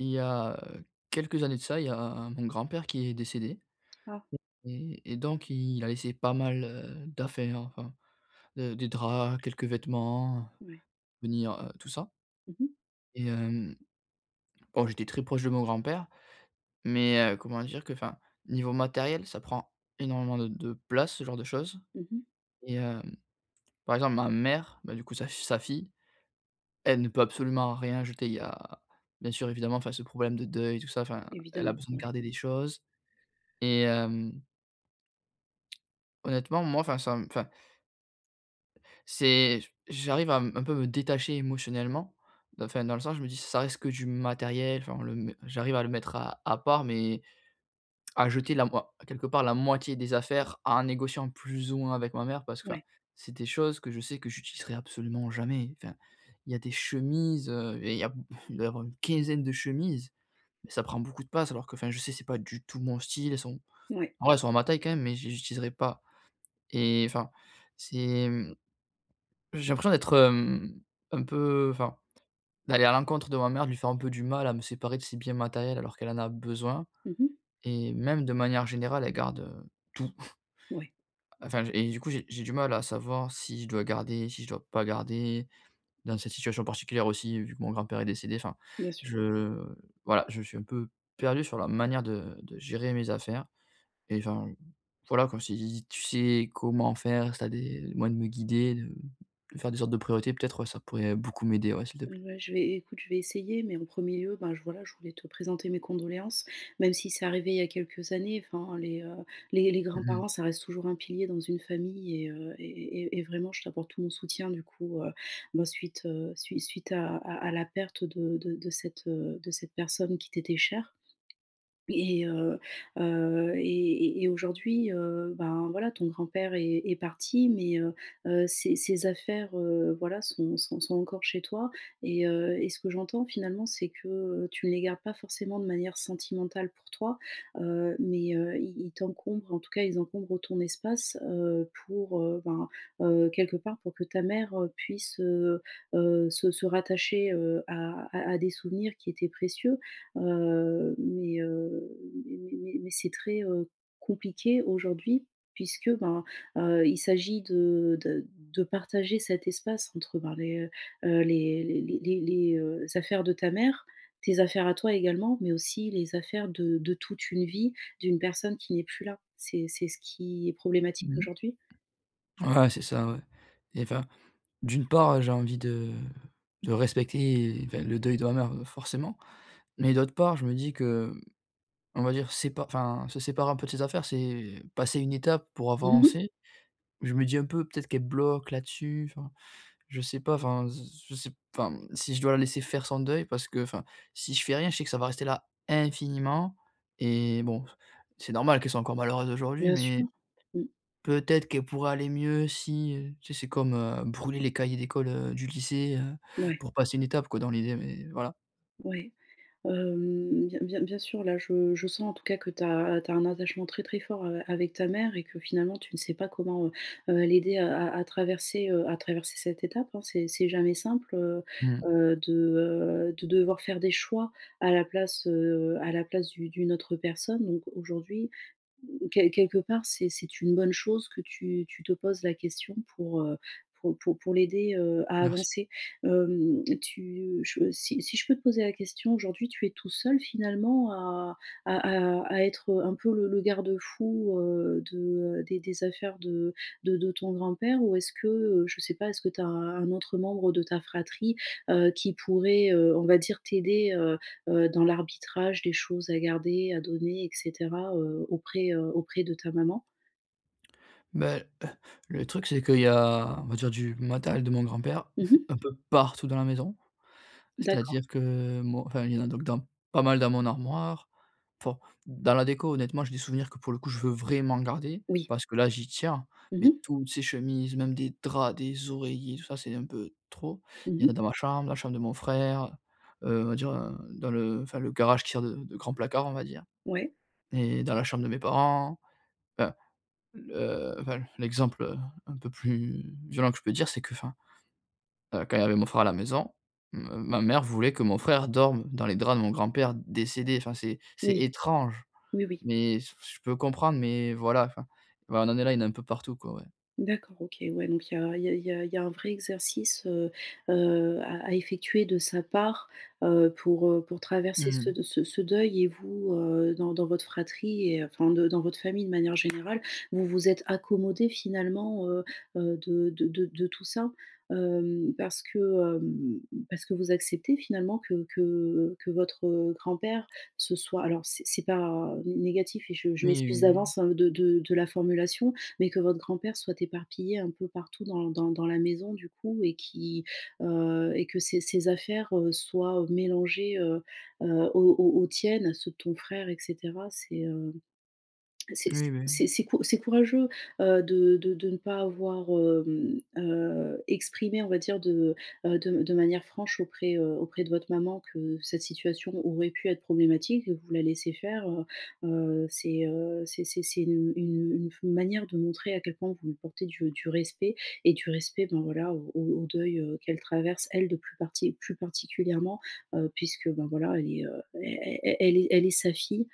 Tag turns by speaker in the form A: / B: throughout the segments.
A: Il y a, heu, quelques années de ça, il y a mon grand-père qui est décédé
B: Ah.
A: [unintelligible] et et donc il a laissé pas mal, heu, d'affaires, enfin, de des draps, quelques vêtements, heu,
B: Ouais.
A: venir heu, tout ça.
B: Mmh mh.
A: Et hem Oh j'étais très proche de mon grand-père mais, heu, comment dire, que enfin, niveau matériel ça prend énormément de de place ce genre de choses.
B: Mmh mh.
A: Et hem, par exemple ma mère, bah du coup sa fi sa fille, elle ne peut absolument rien jeter. Il y a, bien sûr évidemment enfin ce problème de deuil, tout ça, enfin elle a
B: Évidemment,
A: besoin de
B: ouais.
A: garder les choses. Et hem honnêtement moi enfin ça me enfin c'est, j j'arrive à m un peu me détacher émotionnellement. Enfin dans le sens, je me dis, ç ça reste que du matériel, enfin le m j'arrive à le mettre à à part mais, à jeter la moi quelque part, la moitié des affaires en négociant plus ou moins avec ma mère, parce que enfin,
B: Ouais.
A: c'est des choses que je sais que j'utiliserai absolument jamais. Enfin, il y a des chemises, heu, et il y a b il doit y avoir une quinzaine de chemises. Ça prend beaucoup de place, alors qu'enfin je sais c'est pas du tout mon style. Elles sont,
B: Ouais.
A: en vrai elles sont à ma taille quand même, mais je les utiliserai pas. Et enfin, c'est mmh j'ai l'impression d'être hem, un peu enfin, d'aller à l'encontre de ma mère, de lui faire un peu du mal à me séparer de ses biens matériels, alors qu'elle en a besoin.
B: Mmh mh.
A: Et même de manière générale, elle garde tout.
B: Ouais.
A: Enfin, je et du coup j'ai j'ai du mal à savoir si je dois garder, si je dois pas garder, dans cette situation particulière aussi vu que mon grand-père est décédé enfin,
B: Bien sûr.
A: je, voilà, je suis un peu perdu sur la manière de de gérer mes affaires. Et enfin, voilà quoi si tu sais comment faire, si tu as des moyens de me guider, heu, de faire des sortes de priorités, peut-être, ouais, ça pourrait beaucoup m'aider ouais. S'il te plaît.
B: Ouais je vais, écoute, je vais essayer, mais en premier lieu, ben j voilà, je voulais te présenter mes condoléances, même si c'est arrivé il y a quelques années, enfin les, heu, les les
A: Mmh mh.
B: grands-parents, ça reste toujours un pilier dans une famille et heu, et et et et vraiment je t'apporte tout mon soutien du coup, heu, ben suite, heu, sui suite à à à la perte de de de cette, heu, de cette personne qui t'était chère. Et, heu heu, et, et et aujourd'hui, heu, ben voilà, ton grand-père est est parti, mais, heu heu, ses ses affaires, heu, voilà, sont sont sont encore chez toi. Et heu, et ce que j'entends finalement, c'est que, heu, tu ne les gardes pas forcément de manière sentimentale pour toi, heu, mais, heu, ils ils t'encombrent en tout cas, ils encombrent ton espace, heu, pour, heu, ben, heu, quelque part pour que ta mère, heu, puisse, heu heu, se se rattacher, heu, à, à à des souvenirs qui étaient précieux. Heu, mais, heu, mais mais mais c'est très, heu, compliqué aujourd'hui, puisque ben, heu, il s'agit de de de partager cet espace entre ben, les, heu, les les les, heu, affaires de ta mère, tes affaires à toi également, mais aussi les affaires de de toute une vie d'une personne qui n'est plus là. C'est c'est ce qui est problématique,
A: Mmh.
B: aujourd'hui?
A: Ouais, c'est ça ouais. Et enfin, d'une part, heu, j'ai envie de de respecter enfin, le deuil de ma mère, heu, forcément. Mais d'autre part, je me dis que, mmh, on va dire c'est pas enfin, se séparer un peu de ses affaires, c'est passer une étape pour
B: Mmh mh.
A: avancer. Mais je me dis un peu: «Peut-être qu'elle bloque là-dessus», enfin je sais pas. Enfin s s s je sais enfin, si je dois la laisser faire son deuil parce qu'enfin si je fais rien je sais que ça va rester là infiniment et, bon c c'est normal qu'elle soit encore malheureuse aujourd'hui
B: Bien sûr.
A: mais,
B: Mmh.
A: peut-être qu'elle pourrait aller mieux si, heu, tu sais c'est comme, heu, brûler les cahiers d'école, heu, du lycée, heu,
B: Mouais.
A: pour passer une étape quoi, dans l'idée mais voilà.
B: Ouais. Hem, bien bien bien sûr, là je je sens en tout cas que tu as tu as un attachement très très fort, heu, avec ta mère et que finalement tu ne sais pas comment, heu, heu, l'aider, heu, à à traverser, heu, à traverser cette étape, hein, c'est c'est jamais simple, heu,
A: Mmh.
B: heu, de, heu, de devoir faire des choix à la place, heu, à la place d'u d'une autre personne. Donc aujourd'hui, mmh, quel quelque part c'est c'est une bonne chose que tu tu te poses la question pour, heu, pour pour pour l'aider, heu, à
A: Merci.
B: avancer. Hem, tu je si si je peux te poser la question, aujourd'hui tu es tout seul finalement à à à à être, heu, un peu le le garde-fou, heu, de, heu, des des affaires de de de ton grand-père, ou est-ce que, heu, je sais pas, est-ce que tu as un autre membre de ta fratrie, heu, qui pourrait, heu, on va dire t'aider, heu, heu, dans l'arbitrage des choses à garder, à donner et cetera, heu, auprès, heu, auprès de ta maman?
A: Ben, le truc c'est qu'il y a on va dire du matériel de mon grand-père,
B: Mmh mh.
A: un peu partout dans la maison.
B: D'accord.
A: C'est-à-dire que moi enfin, il y en a donc dans pas mal dans mon armoire. Enfin, dans la déco honnêtement j'ai des souvenirs que pour le coup je veux vraiment garder,
B: Oui.
A: parce que là j'y tiens.
B: Mmh
A: Mais
B: mh.
A: toutes ses chemises, même des draps, des oreillers, tout ça c'est un peu trop.
B: Mmh
A: Il y en a
B: mh.
A: dans ma chambre, la chambre de mon frère, heu, on va dire, heu, dans le enfin le garage qui sert de de grand placard on va dire.
B: Ouais.
A: Et dans la chambre de mes parents, enfin le enfin l l'exemple, heu, un peu plus violent que je peux dire c'est qu'enfin. Heu, quand il y avait mon frère à la maison, m ma mère voulait que mon frère dorme dans les draps de mon grand-père décédé enfin c'est, c'est
B: Oui.
A: étrange.
B: Oui, oui.
A: Mais s j je peux comprendre, mais voilà enfin, ouais, on en est là il y en a un peu partout quoi, ouais.
B: D'accord. OK, ouais donc il y a il y a il y a il y a un vrai exercice, heu, heu à à effectuer de sa part. Heu, pour, heu, pour
A: Mmh
B: traverser ce
A: mh.
B: de ce ce deuil et vous, heu, dans dans votre fratrie et enfin de dans votre famille de manière générale vous vous êtes accommodés finalement, heu, heu, de de de de tout ça. Hem, parce que, hem, parce que vous acceptez finalement que que que votre, heu, grand-père se soit alors c c'est pas, heu, n négatif et je je
A: Oui,
B: m'excuse
A: oui, oui.
B: d'avance, hein, de de de la formulation. Mais que votre grand-père soit éparpillé un peu partout dans dans dans la maison du coup et qui, heu, et que ses ses affaires, heu, soient, heu, mélangées, heu, heu, aux aux aux tiennes, ceux de ton frère et cetera c'est, hem. C'est c
A: Oui, beh, oui.
B: c'est -c'est cou c'est courageux, heu, de de de ne pas avoir hem, heu, exprimé on va dire de, heu, de de manière franche auprès, heu, auprès de votre maman que cette situation aurait pu être problématique. Et vous la laissez faire, heu, heu, c'est, heu, c'est c'est c'est une une une f une manière de montrer à quel point vous lui portez du du respect et du respect dans voilà, au au deuil, heu, qu'elle traverse elle de plus parti plus particulièrement, heu, puisque, ben, voilà elle est, heu, è -è è elle est elle est sa fille.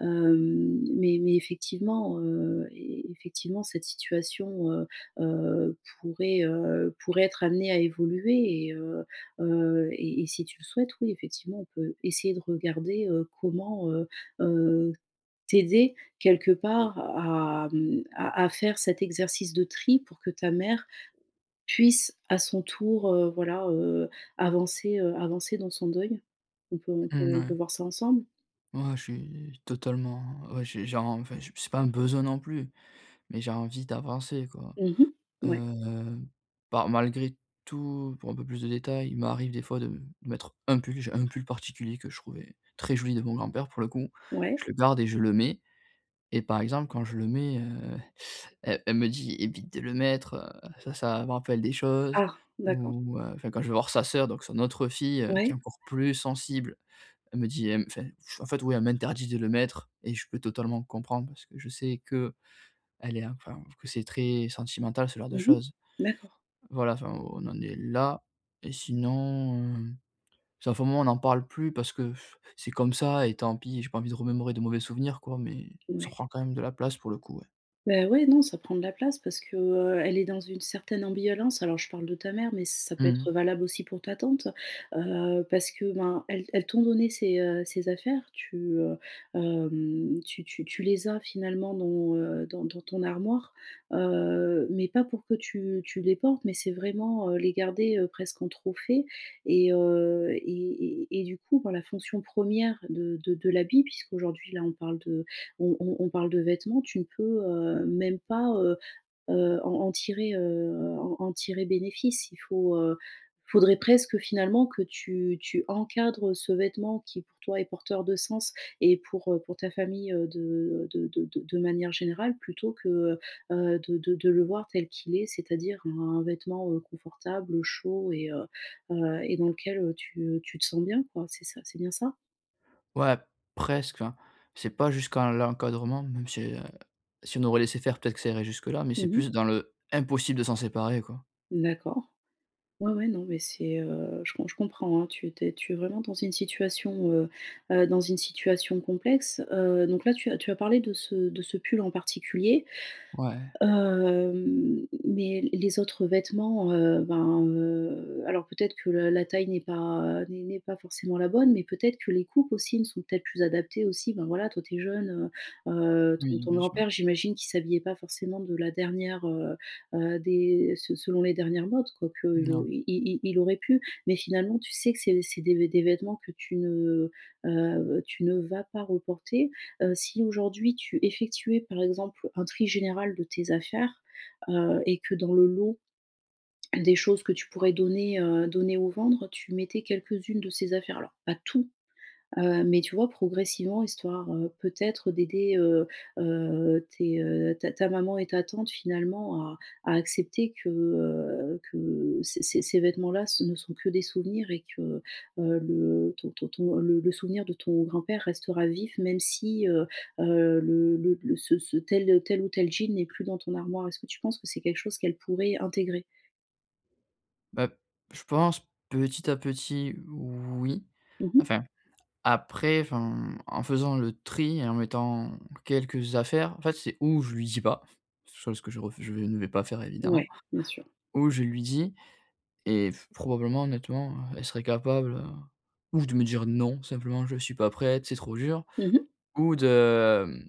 B: Hem, mais mais effectivement, heu, e effectivement cette situation, heu, heu, pourrait, heu, pourrait être amenée à évoluer et, heu, heu, et et si tu le souhaites oui effectivement on peut essayer de regarder, heu, comment, heu, heu, t'aider quelque part à mmh, à à faire cet exercice de tri, pour que ta mère, puisse à son tour, heu, voilà, heu, avancer, heu, avancer dans son deuil. On peut
A: Mmh,e
B: on peut
A: ouais.
B: voir ça ensemble.
A: Moi je suis totalement, ouais j'ai genre, enfin je c'est pas un besoin non plus, mais j'ai envie d'avancer quoi.
B: Mmh mh. Ouais.
A: Heu, par malgré tout pour un peu plus de détails il m'arrive des fois de mettre un pull. J'ai un pull particulier que je trouvais très joli, de mon grand-père, pour le coup,
B: Ouais.
A: je le garde et je le mets. Et par exemple quand je le mets, heu, elle elle me dit: «Évite de le mettre, heu, ça ça me rappelle des choses».
B: Ah! D'accord.
A: Ou, heu, enfin quand je vais voir sa sœur, donc son autre fille, heu, qui est
B: Ouais.
A: encore plus sensible elle me dit elle me fait en fait oui elle m'interdit de le mettre. Et je peux totalement comprendre parce que je sais qu'elle est enfin, que c'est très sentimental ce genre de
B: Mmh mh.
A: choses.
B: D'accord.
A: Voilà, enfin on en est là et sinon, heu, ça fait un moment on en parle plus parce que c'est comme ça et tant pis j'ai pas envie de remémorer de mauvais souvenirs quoi, mais, ça
B: Ouais.
A: prend quand même de la place pour le coup, ouais.
B: Bah, ouais, non ça prend de la place parce que, heu, elle est dans une certaine ambivalence. Alors je parle de ta mère, mais ça peut être
A: Mmh.
B: valable aussi pour ta tante. Heu, parce que, ben, elles elles t'ont donné ces, heu, ces affaires, tu, heu, hem, tu tu tu les as finalement dans, heu, dans dans ton armoire, heu, mais pas pour que tu tu les portes. Mais c'est vraiment, heu, les garder, heu, presque en trophée, et heu, et et et du coup, bah, la fonction 1re de de de l'habit, puisqu'aujourd'hui là on parle de on on on parle de vêtements, tu ne peux, heu, même pas, heu, heu, en en tirer, heu, en en tirer bénéfice. Il faut heu, il faudrait presque finalement que tu tu encadres ce vêtement qui pour toi est porteur de sens et pour, heu, pour ta famille, heu, de de de de de manière générale plutôt que, heu, heu, de de de le voir tel qu'il est, c'est-à-dire un vêtement, heu, confortable, heu, chaud, et heu, heu, et dans lequel, heu, tu, heu, tu te sens bien quoi, c'est ça? C'est bien ça?
A: Ouais presque, enfin, c'est pas jusqu'à l'encadrement même si, heu, si on aurait laissé faire peut-être que ça irait jusque là, mais c'est
B: Mmh mh.
A: plus dans le impossible de s'en séparer quoi.
B: D'accord. Ouais, ouais, non mais c'est, heu, je com comprends, hein, tu es tu es tu es vraiment dans une situation, heu, heu, dans une situation complexe, heu, donc là tu as tu as parlé de ce de ce pull en particulier.
A: Ouais.
B: Hem, m mais les autres vêtements, heu, ben, heu, alors peut-être que la la taille n'est pas, heu, n'est n'est pas forcément la bonne, mais peut-être que les coupes aussi ne sont peut-être plus adaptées aussi. Ben, voilà toi tu es jeune, heu, heu, ton
A: Oui,
B: ton
A: bien sûr.
B: grand-père j'imagine qu'il s'habillait pas forcément de la dernière, heu, heu, des se selon les dernières modes. Quoi qu'il au
A: Non.
B: il il il aurait pu, mais finalement tu sais que c'est c'est des v des vêtements que tu ne, heu, tu ne vas pas reporter. Heu, si aujourd'hui tu effectuais par exemple un tri général de tes affaires, heu, et que dans le lot, des choses que tu pourrais donner, heu, donner ou vendre, tu mettais quelques-unes de ces affaires-là, pas tout, heu, mais tu vois, progressivement histoire, heu, peut-être d'aider, heu, heu, tes, heu, ta ta maman et ta tante finalement à à accepter que, heu, que ces ces ces vêtements-là ce ne sont que des souvenirs et que, heu, le ton ton ton, heu, le le souvenir de ton grand-père restera vif même si heu, heu, le le le ce ce tel, heu, tel ou tel jean n'est plus dans ton armoire. Est-ce que tu penses que c'est quelque chose qu'elles pourraient intégrer?
A: Bah, p je pense petit à petit, oui.
B: Mmh mh.
A: Enfin, après enfin, en faisant le tri en mettant quelques affaires, en fait c'est, ou je lui dis pas, chose que je refu je ne vais pas faire évidemment,
B: Ouais, bien sûr.
A: ou je lui dis, et f probablement honnêtement, heu, elle serait capable, heu, ou de me dire: «Non. Simplement je suis pas prête, c'est trop dur»
B: Mmh mh.
A: ou de, hem,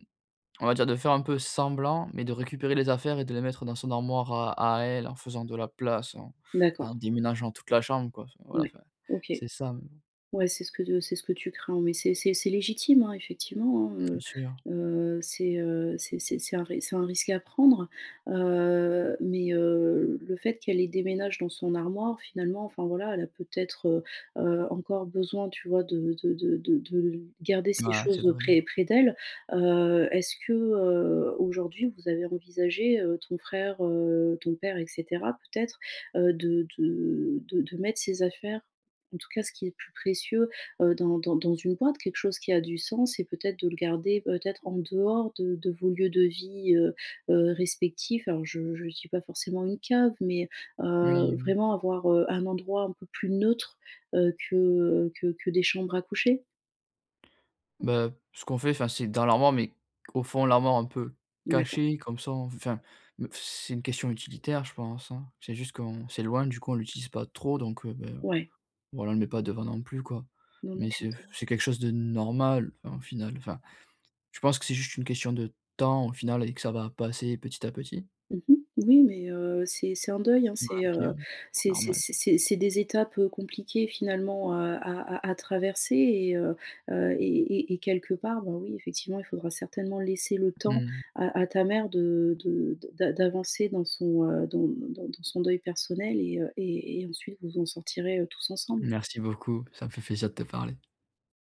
A: on va dire de faire un peu semblant, mais de récupérer les affaires et de les mettre dans son armoire à à elle en faisant de la place, en d en
B: D'accord.
A: déménageant toute la chambre quoi. Enfin voilà,
B: Mouais.
A: enfin
B: OK.
A: c'est ça, mais bon
B: Ouais c'est ce que de c'est ce que tu crains, mais c'est c'est c'est légitime, hein, effectivement, hein,
A: Bien
B: heu,
A: sûr.
B: heu, c'est, heu, c'est c'est c'est un ris c'est un risque à prendre. Heu, mais, heu, le fait qu'elle les déménage dans son armoire, finalement, enfin voilà elle a peut-être, heu, heu, encore besoin tu vois de de de de de garder ces
A: Ah, c'est
B: choses, heu,
A: vrai.
B: près près d'elle. Heu, est-ce que, heu, aujourd'hui vous avez envisagé, heu, ton frère, heu, ton père, et cetera peut-être, heu, de de de de mettre ses affaires, en tout cas ce qui est le plus précieux, heu, dans dans dans une boite? Quelque chose qui a du sens, et peut-être de le garder peut-être en dehors de de vos lieux de vie, heu, heu, respectifs. Alors je je dis pas forcément une cave, mais, heu,
A: Oui.
B: vraiment avoir, heu, un endroit un peu plus neutre, heu, que, heu, que que des chambres à coucher?
A: Bah, ce qu'on fait enfin, c'est dans l'armoire mais au fond l'armoire un peu
B: D'accord.
A: caché comme ça on enfin, me c c'est une question utilitaire je pense, hein. C'est juste qu'on s'éloigne, du coup on l'utilise pas trop donc, heu, beh,
B: Ouais.
A: voilà on le met pas devant non plus quoi.
B: Non, non,
A: Mais c'est
B: j'entends.
A: c'est quelque chose de normal enfin au final. Enfin, je pense que c'est juste une question de temps au final et que ça va passer petit à petit.
B: Mmh mh. Oui, mais, heu, c'est c'est un deuil, hein,
A: Ouais,
B: c'est,
A: OK ouais.
B: heu, c'est c'est
A: Normal.
B: c'est c'est c'est des étapes, heu, compliquées finalement, heu, à à à traverser, et heu, heu, et et et et quelque part, bah, oui effectivement il faudra certainement laisser le temps
A: Mmh.
B: à à ta mère de de d'a d'avancer dans son, heu, dans d dans dans son deuil personnel, et heu, et et ensuite vous en sortirez, heu, tous ensemble.
A: Merci beaucoup, ça me fait plaisir de te parler.